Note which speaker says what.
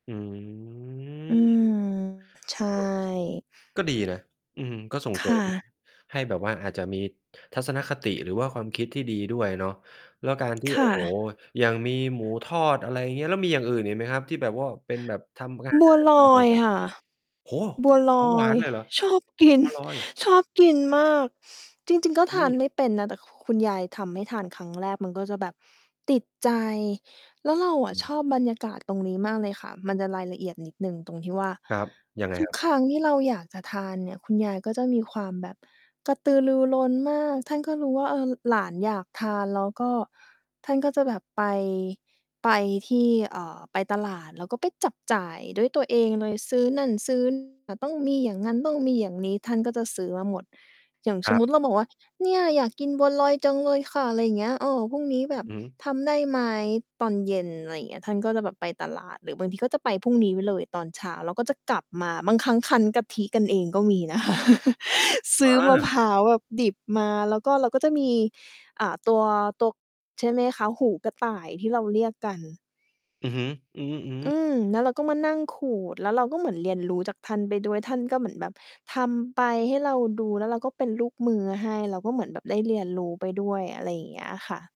Speaker 1: อื
Speaker 2: อือ
Speaker 1: ม
Speaker 2: ใช
Speaker 1: ก็
Speaker 2: ่
Speaker 1: ก็ดีนะ อืม ก็ส่ง
Speaker 2: ค
Speaker 1: เสริ
Speaker 2: ่
Speaker 1: ม
Speaker 2: ะ
Speaker 1: ให้แบบว่าอาจจะมีทัศนคติ หรือว่าความคิดที่ดีด้วยเนาะ แล้วการที่
Speaker 2: ค
Speaker 1: โ
Speaker 2: ่
Speaker 1: อ้โฮ
Speaker 2: ะ
Speaker 1: อย่างมีหมูทอด อะไรเงี้ย แล้วมีอย่างอื่นอีกไหมครับ? ที่แบบว่าเป็นแบบทำ อาหา
Speaker 2: บัว
Speaker 1: ร
Speaker 2: ล
Speaker 1: กัน
Speaker 2: อ
Speaker 1: แบ
Speaker 2: ย
Speaker 1: บ แบบ
Speaker 2: ค่ะ
Speaker 1: โอ้โฮ
Speaker 2: บัวล
Speaker 1: ของ ห
Speaker 2: อ
Speaker 1: วา
Speaker 2: ย
Speaker 1: นเลยเหรอ?
Speaker 2: ชอบกิน
Speaker 1: บัวลอย
Speaker 2: ชอบกินมาก จริง ๆ ก็
Speaker 1: อื
Speaker 2: ทาน
Speaker 1: ม
Speaker 2: ไม่เป็นนะ แต่ ค คุณยายทำให้ทาน ครั้งแรกมันก็จะแบบติดใจ แล้วเราอ
Speaker 1: อ
Speaker 2: ะ
Speaker 1: ื
Speaker 2: ช
Speaker 1: ม
Speaker 2: อบบรรยากาศตรงนี้มากเลยค่ะ มันจะรายละเอียดนิดหนึ่งตรงที่ว่า
Speaker 1: ครับ ยังไง
Speaker 2: ทุ
Speaker 1: ค
Speaker 2: ก
Speaker 1: รับ?
Speaker 2: ครั้งที่เราอยากจะทานเนี่ย คุณยายก็จะมีความแบบกระตือรือร้นมาก ท่านก็รู้ว่า เออ ล หลานอยากทาน แล้วก็ท่านก็จะแบบไป ไปที่ เอ่อ ไปตลาดแล้วก็ไปจับจ่ายด้วยตัวเองเลย ซื้อนั่น ซื้อ อะ ต้องมีอย่างงั้นต้องมีอย่างนี้ ท่านก็จะซื้อมาหมด อย่างฉ
Speaker 1: คร
Speaker 2: ม
Speaker 1: ั
Speaker 2: ม
Speaker 1: บ
Speaker 2: ุติ เราบอกว่า "เนี่ย อยากกินบัวลอยจังเลยค่ะ" ไรเงี้ย เออ "พรุ่งนี้แบบ
Speaker 1: อือฮึ
Speaker 2: ทำได้ไหม ตอนเย็น" ไรเงี้ย ท่านก็จะแบบไปตลาด หรือบางทีก็จะไปพรุ่งนี้ไว้เลยตอนเช้า แล้วก็จะกลับมา บางครั้งคั้นกะทิกันเองก็มี นะคะ ซ
Speaker 1: อ
Speaker 2: ื้อมะ
Speaker 1: า
Speaker 2: พร้าวแบบดิบมา แล้วก็เราก็จะมี อ่า ตัว ตัว ใช่ไหมคะ หูกระต่ายที่เราเรียกกัน
Speaker 1: อือฮึ อือ
Speaker 2: อื
Speaker 1: ๆ
Speaker 2: ม แล้วเราก็มานั่งขูด แล้วเราก็เหมือนเรียนรู้จากท่านไปด้วย ท่านก็เหมือนแบบทำไปให้เราดู แล้วเราก็เป็นลูกมือให้ เราก็เหมือนแบบได้เรียนรู้ไปด้วย อะไรอย่างเงี้ยค่ะ